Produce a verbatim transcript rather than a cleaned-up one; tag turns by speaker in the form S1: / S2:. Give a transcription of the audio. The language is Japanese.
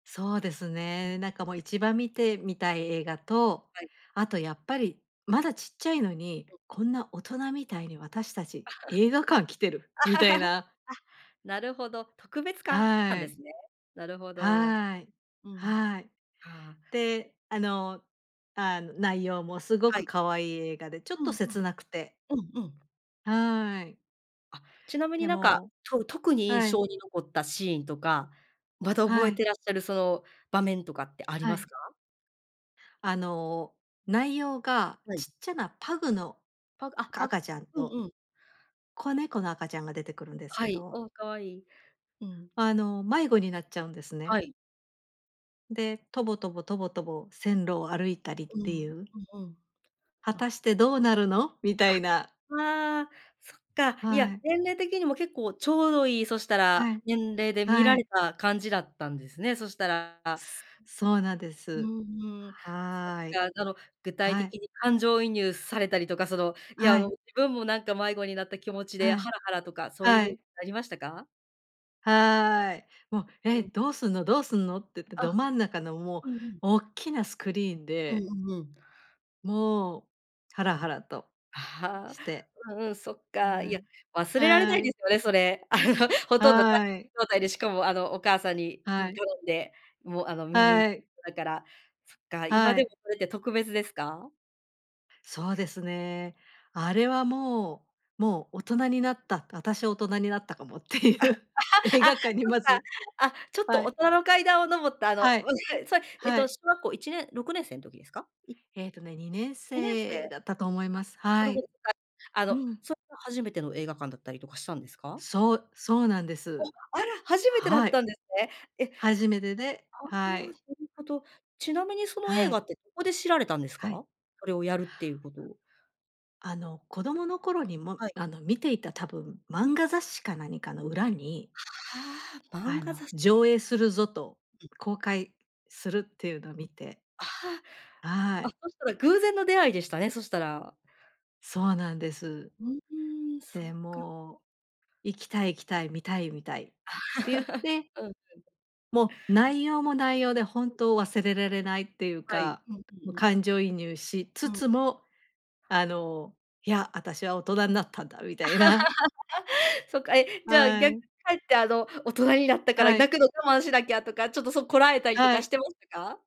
S1: そうです
S2: うん。
S1: ね。なんかもう、一番見てみたい映画と、
S2: はい。
S1: あとやっぱり、まだちっちゃいのに、
S2: うん。
S1: こんな大人みたいに、私たち映画館来てる、みたい な。
S2: あ、なるほど、特別感なん
S1: は
S2: で
S1: い。
S2: すね。なるほど。
S1: はい。
S2: うん、そ
S1: はい。
S2: っか。
S1: で、あの、あの、内容もすご
S2: は
S1: く
S2: い。
S1: 可愛い映画で、ちょっ
S2: う
S1: と
S2: ん、ふ
S1: 切
S2: ん。
S1: なくて。
S2: うん、うん。
S1: はい。
S2: あ、ちなみに
S1: で
S2: なんか、
S1: も、
S2: とう特に印
S1: はい。
S2: 象に残ったシーンとか、まだ
S1: は
S2: 覚え
S1: い。
S2: てらっしゃるその、場面とかってあり
S1: は
S2: ま
S1: い。
S2: すか？
S1: あの、内容が、
S2: はい。
S1: ちっちゃなパグの
S2: パグあ、パ
S1: 赤ちゃん
S2: う
S1: と
S2: んうん。
S1: 子猫の赤ちゃんが出てくるんです
S2: は
S1: け
S2: い、
S1: ど。
S2: お、可愛い、うん。
S1: あの、迷子になっちゃうんです
S2: は
S1: ね。
S2: い。
S1: で、とぼとぼとぼとぼ、線路を歩いたりっ
S2: う
S1: てい
S2: ん、
S1: う？
S2: うんうん。
S1: 果た
S2: あ。
S1: してどうなるの？みた
S2: あ、
S1: いな。
S2: ああ、そっか。いや、
S1: はい。
S2: 年齢的にも、結構ちょうどいい。そしたら、
S1: はい。
S2: 年齢で見
S1: は
S2: られ
S1: い。
S2: た感じだったんですね。そしたら。あ
S1: すそうなんで
S2: う
S1: す。
S2: ん、うん。そっ
S1: はい。
S2: か、ぞの、具体
S1: は
S2: 的
S1: い。
S2: に感情移入されたりとか、その、いや、あ
S1: は
S2: の、
S1: い。
S2: 自分もなんか迷子になった気持ちで、
S1: はい、
S2: ハラハラとか、そういう
S1: は
S2: ふう
S1: い。
S2: なりましたか？
S1: はい。もう、え、
S2: うん。
S1: どうすんのどうすんの？ってって。
S2: あ。
S1: ど真ん中の、もう
S2: うんうん。
S1: おっきなスクリーン
S2: う
S1: で。
S2: んうんうん。
S1: もう、ハラハラと
S2: あ
S1: して、
S2: あ、うんうん、そっか。い
S1: は
S2: や、
S1: い、
S2: 忘れられな
S1: は
S2: いで
S1: い。
S2: すよね、それ。あの、ほとんどか
S1: はい。
S2: 状態で、しかもあの、お母さんに、う
S1: は
S2: ん、
S1: い。
S2: 頼んで、もう、あの、見に
S1: は
S2: 行っ
S1: い。
S2: たから。そっか、今
S1: は
S2: でも
S1: い。
S2: それって特別ですか？
S1: そうですね。あれはもう、もう大人になった、私は大人になったかもってい
S2: あ、
S1: う映
S2: あ、
S1: 画館に
S2: そっ
S1: ま
S2: か。
S1: ず
S2: あ、ちょっと
S1: は
S2: 大
S1: い。
S2: 人の階段を登った、あの、
S1: は
S2: う、
S1: い。
S2: へい、それ、えっ
S1: は
S2: と
S1: い。
S2: 小学校いちねんろくねんせいん時ですか？い
S1: ええとね、にねん
S2: にねんせい？
S1: せいだったと思います。
S2: あ、な
S1: は
S2: るほ
S1: い。
S2: ど。かあ
S1: う
S2: の、
S1: ん。
S2: それが、初めての映画館だったりとかしたんですか？
S1: そう、そうなんで
S2: お、
S1: す。
S2: あら、初めてだ
S1: は
S2: っ
S1: い。
S2: たんですね。え、
S1: 初めてで
S2: あ
S1: は
S2: あ、な
S1: い。
S2: るほど。ちなみにその映
S1: は
S2: 画
S1: い。
S2: って、どこで知られたんです
S1: はい。
S2: か？それをやるっていうことを。
S1: あの、子供の頃に、も、
S2: はい。
S1: あの、見ていた多分、
S2: うん。
S1: 漫画雑誌か何かの裏に
S2: はあ、漫
S1: あ
S2: 画
S1: の、
S2: 雑誌。
S1: 上映するぞと、
S2: うん。
S1: 公開するってい
S2: う、うん。
S1: うのを見て。
S2: あ
S1: は
S2: あ、あ、
S1: い。
S2: そしたら偶然の出会いでしたね、そしたら。
S1: そうなんです。
S2: うん、うーん、そっ
S1: で、
S2: か。
S1: もう、行きたい行きたい、見たい見たいっ
S2: あ、
S1: て言っ て
S2: うんうん。
S1: もう内容も内容で、本
S2: うん。
S1: 当忘れられないっていう
S2: はい。
S1: か、
S2: うんう
S1: も、
S2: んうん。
S1: 感情移入しつ
S2: うん。
S1: つも、あの、いや、あたしは大人なったんだみたいな。
S2: そっか、え、じゃあ、
S1: は
S2: 逆、却
S1: い。
S2: って、あの、大人になったから、
S1: はい。
S2: 泣くの我慢しなきゃとか、ちょっとそこらえたりと
S1: は
S2: かし
S1: い。
S2: てましたか？